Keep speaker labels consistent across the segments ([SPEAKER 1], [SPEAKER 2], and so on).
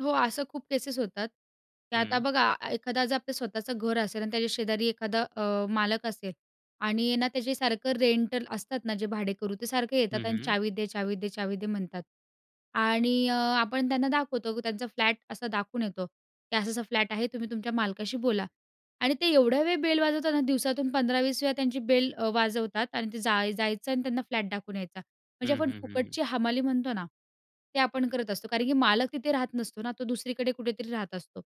[SPEAKER 1] हो, असं खूप केसेस होतात तर आता
[SPEAKER 2] हं.
[SPEAKER 1] बघा एखादा जर आपलं स्वतःचं घर असेल आणि त्याच्या शेजारी एखादा अ, मालक असेल आणि ना, त्याचे सारखं रेंटल असतात ना जे भाडेकरू, ते सारखे
[SPEAKER 2] हं,
[SPEAKER 1] येतात आणि
[SPEAKER 2] हं.
[SPEAKER 1] चावी दे, चावी दे, चावी दे म्हणतात आणि अ, आपण त्यांना दाखवतो की त्यांचा फ्लॅट असा दाखवून येतो की असा असा फ्लॅट आहे तुम्ही तुमच्या मालकाशी बोला आणि ते एवढ्या वेळी बेल वाजवताना दिवसातून 15-20 वेळा त्यांची बेल अ, वाजवतात आणि ते जाय जायचं आणि त्यांना फ्लॅट दाखवून यायचा. म्हणजे
[SPEAKER 2] हं,
[SPEAKER 1] आपण
[SPEAKER 2] हं, हं.
[SPEAKER 1] फुकटची हमाली म्हणतो ना, ते आपण करत असतो. कारण की मालक तिथे राहत नसतो ना, तो दुसरीकडे कुठेतरी राहत असतो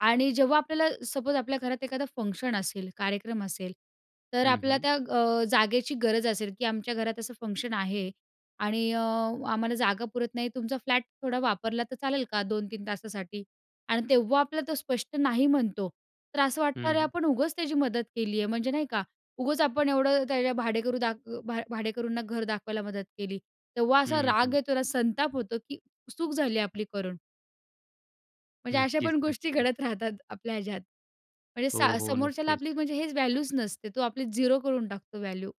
[SPEAKER 1] आणि जेव्हा आपल्याला सपोज आपल्या घरात एखादं फंक्शन असेल, कार्यक्रम असेल, तर
[SPEAKER 2] हं,
[SPEAKER 1] आपल्याला
[SPEAKER 2] हं.
[SPEAKER 1] त्या अ, जागेची गरज असेल की आमच्या घरात असं फंक्शन आहे आणि अ, आम्हाला जागा पुरत नाही तुमचा फ्लॅट थोडा वापरला तर चालेल का? 2-3 तासासाठी? आणि तेव्हा आपल्याला तो स्पष्ट नाही म्हणतो. तर असं
[SPEAKER 2] हं,
[SPEAKER 1] वाटणार, अरे
[SPEAKER 2] हं.
[SPEAKER 1] आपण उगाच त्याची मदत केली आहे. म्हणजे नाही का? उगाच आपण एवढं त्याच्या भाडेकरू दाख अ, भा भाडेकरूंना घर दाखवायला मदत केली. तेव्हा असा
[SPEAKER 2] हं,
[SPEAKER 1] राग
[SPEAKER 2] हं.
[SPEAKER 1] येतो ना. संताप होतो की चूक झाली आपली करून. म्हणजे अशा
[SPEAKER 2] नक्कीच,
[SPEAKER 1] पण गोष्टी
[SPEAKER 2] नक्कीच.
[SPEAKER 1] घडत राहतात आपल्या ह्याच्यात. म्हणजे
[SPEAKER 2] हो,
[SPEAKER 1] सा
[SPEAKER 2] हो,
[SPEAKER 1] समोरच्याला आपली
[SPEAKER 2] नक्कीच.
[SPEAKER 1] म्हणजे हेच व्हॅल्यूच नसते. तो आपली 0 करून टाकतो व्हॅल्यू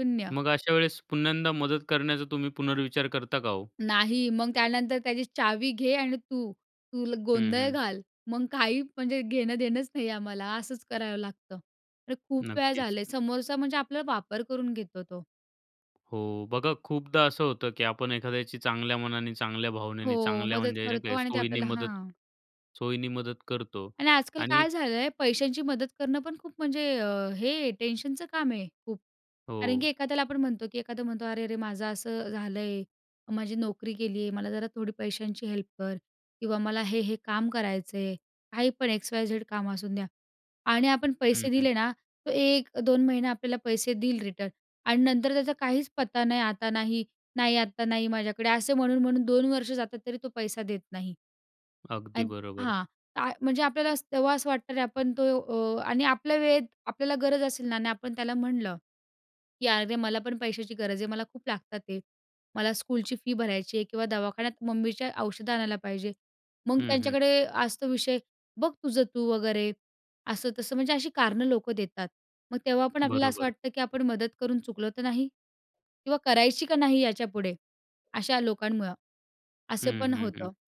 [SPEAKER 1] 0.
[SPEAKER 2] मग अशा वेळेस पुन्ह्यांदा मदत करण्याचा तुम्ही पुनर्विचार करता का हो?
[SPEAKER 1] नाही, मग त्यानंतर त्याची, "चावी घे आणि तू तुल
[SPEAKER 2] हं,
[SPEAKER 1] गोंधळ
[SPEAKER 2] हं.
[SPEAKER 1] घाल." मग काही म्हणजे घेण-देणंच नाहीये आम्हाला, असंच करावं लागतं. अरे, खूप वेळा
[SPEAKER 2] नक्कीच.
[SPEAKER 1] झालं आहे. समोरचा म्हणजे आपला वापर करून घेतो तो.
[SPEAKER 2] हो, बघा खूपदा असं होतं की आपण एखाद्याची चांगल्या मनाने, चांगल्या भावनेने,
[SPEAKER 1] हो,
[SPEAKER 2] चांगल्या
[SPEAKER 1] मदत
[SPEAKER 2] म्हणजे नाही
[SPEAKER 1] करतो
[SPEAKER 2] काय
[SPEAKER 1] आणि ते
[SPEAKER 2] सोयीने
[SPEAKER 1] आपल्याला
[SPEAKER 2] मदत
[SPEAKER 1] हां.
[SPEAKER 2] सोयीने मदत करतो
[SPEAKER 1] आणि आजकाल
[SPEAKER 2] आणि
[SPEAKER 1] काय झालं आहे, पैशांची मदत करणं पण खूप म्हणजे अ, हे टेन्शनचं काम आहे खूप. कारण
[SPEAKER 2] हो.
[SPEAKER 1] की एखाद्याला आपण म्हणतो की एखादा म्हणतो, "अरे-अरे माझं असं झालंय. माझी नोकरी गेली आहे. मला जरा थोडी पैशांची हेल्प कर किंवा मला हे हे काम करायचं आहे." काही पण एक्स वाय झेड काम असून द्या आणि आपण
[SPEAKER 2] हं,
[SPEAKER 1] पैसे
[SPEAKER 2] हं.
[SPEAKER 1] दिले ना, तर 1 2 महिना आपल्याला पैसे देईल रिटर्न आणि नंतर त्याचा काहीच पत्ता नाही, आता नाही. नाही, आत्ता नाही माझ्याकडे असे म्हणून, म्हणून 2 वर्ष जातात तरी तो पैसा देत नाही
[SPEAKER 2] अगदी
[SPEAKER 1] आणि
[SPEAKER 2] बरोबर.
[SPEAKER 1] हां, ता म्हणजे आपल्याला अस तेव्हा असं वाटतं अरे आपण तो अ, आणि आपल्या वेळेत आपल्याला गरज असेल ना आणि आपण त्याला म्हणलं की, "अरे मला पण पैशाची गरज आहे. मला खूप लागतात आहे. मला स्कूलची फी भरायची आहे किंवा दवाखान्यात मम्मीच्या औषधं आणायला पाहिजे." मग
[SPEAKER 2] हं, हं.
[SPEAKER 1] त्यांच्याकडे असतो विषय, "बघ तुझं तू वगैरे." असं-तसं म्हणजे अशी कारणं लोकं देतात. मग तेव्हा पण आपल्याला असं
[SPEAKER 2] बरोबर.
[SPEAKER 1] वाटतं, की आपण मदत करून चुकलो तर नाही? किंवा करायची का नाही याच्यापुढे, अशा लोकांमुळं? असं
[SPEAKER 2] हं,
[SPEAKER 1] पण
[SPEAKER 2] हं, हं.
[SPEAKER 1] होतं.